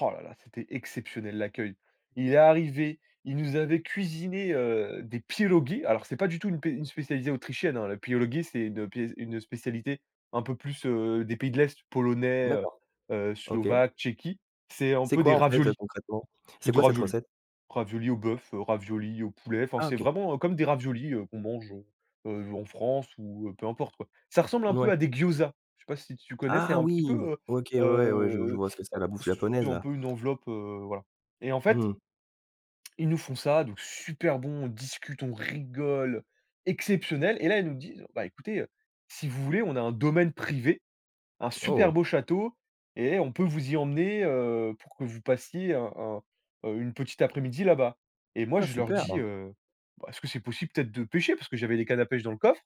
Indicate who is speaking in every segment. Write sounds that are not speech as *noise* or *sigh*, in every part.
Speaker 1: Oh là là! C'était exceptionnel l'accueil. Il est arrivé, il nous avait cuisiné, heu, des pierogis. Alors c'est pas du tout une pé une spécialité autrichienne hein. Les pierogis, c'est une pé une spécialité, un peu plus, heu, des pays de l'est Polonais, heu,
Speaker 2: D'accord.
Speaker 1: heu,
Speaker 2: OK.
Speaker 1: Slovaque, Tchéquie. C'est un
Speaker 2: C'est
Speaker 1: peu
Speaker 2: quoi
Speaker 1: des
Speaker 2: en fait, heu,
Speaker 1: raviolis,
Speaker 2: concrètement?
Speaker 1: c'est
Speaker 2: C'est
Speaker 1: des
Speaker 2: quoi cette
Speaker 1: raviolis!
Speaker 2: recette?
Speaker 1: Raviolis au bœuf, heu, raviolis au poulet, enfin
Speaker 2: Ah
Speaker 1: c'est
Speaker 2: OK.
Speaker 1: vraiment, heu, comme des raviolis, heu, qu'on mange, heu, heu, en France ou peu importe quoi. Ça ressemble un peu
Speaker 2: Ouais.
Speaker 1: à des gyozas! Je sais pas si tu connais? C'est
Speaker 2: Ah
Speaker 1: un petit
Speaker 2: oui!
Speaker 1: peu, heu,
Speaker 2: OK ouais, ouais, je je
Speaker 1: heu, heu,
Speaker 2: vois ce que c'est la bouffe
Speaker 1: c'est
Speaker 2: japonaise
Speaker 1: un
Speaker 2: là.
Speaker 1: peu une enveloppe, heu, voilà, et en fait
Speaker 2: Mmh.
Speaker 1: ils nous font ça donc, super bon, on discute, on rigole, exceptionnel! Et là, ils nous disent: «Ben écoutez, heu, si vous voulez, on a un domaine privé, un super
Speaker 2: Oh!
Speaker 1: beau château et on peut vous y emmener, heu, pour que vous passiez un un, heu, une petite après-midi là-bas» et moi
Speaker 2: Ah
Speaker 1: je leur
Speaker 2: super
Speaker 1: dis,
Speaker 2: hein!
Speaker 1: heu, bah: «Est-ce que c'est possible peut-être de pêcher?» parce que j'avais des cannes à pêche dans le coffre.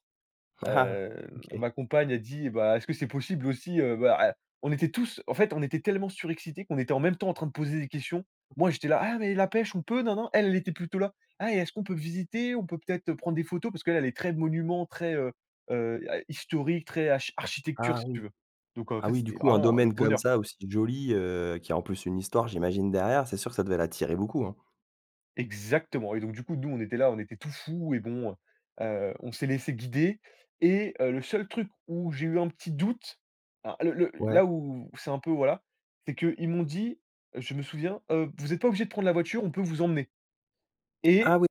Speaker 2: *chuckles*
Speaker 1: Heu,
Speaker 2: OK.
Speaker 1: ma compagne elle dit: «Bah est-ce que c'est possible aussi, heu, bah, eh» on était tou en fait on était tellement surexcités qu'on était en même temps en train de poser des questions. Moi j'étais là: «Ah mais la pêche on peu?» ninin, elle était plutôt là: «Ah et est-ce qu'on peut visiter? On peut peut-être prendre des photos?» parce qu'elle elle est très monuments, très, heu, heu, a historique, très achi architecture
Speaker 2: Ah
Speaker 1: si tu
Speaker 2: oui.
Speaker 1: veux! Donc en
Speaker 2: Ah
Speaker 1: fait,
Speaker 2: oui du
Speaker 1: c'était
Speaker 2: coup un
Speaker 1: vraiment le
Speaker 2: domaine comme
Speaker 1: bonheur!
Speaker 2: ça aussi joli, heu, qui a en plus une histoire j'imagine derrière, c'est sûr que ça devait l'attirer beaucoup hein.
Speaker 1: Exactement et donc du coup nous, on était là, on était tout fous et bon, heu, heu, on s'est laissés guider, et heu, le seul truc où j'ai eu un petit doute, à le le
Speaker 2: Ouais.
Speaker 1: là où c'est un peu, voilà, c'est qu'ils m'ont dit, je me souviens, heu: «Vous êtes pas obligés de prendre la voiture, on peut vous emmener» et
Speaker 2: Ah oui!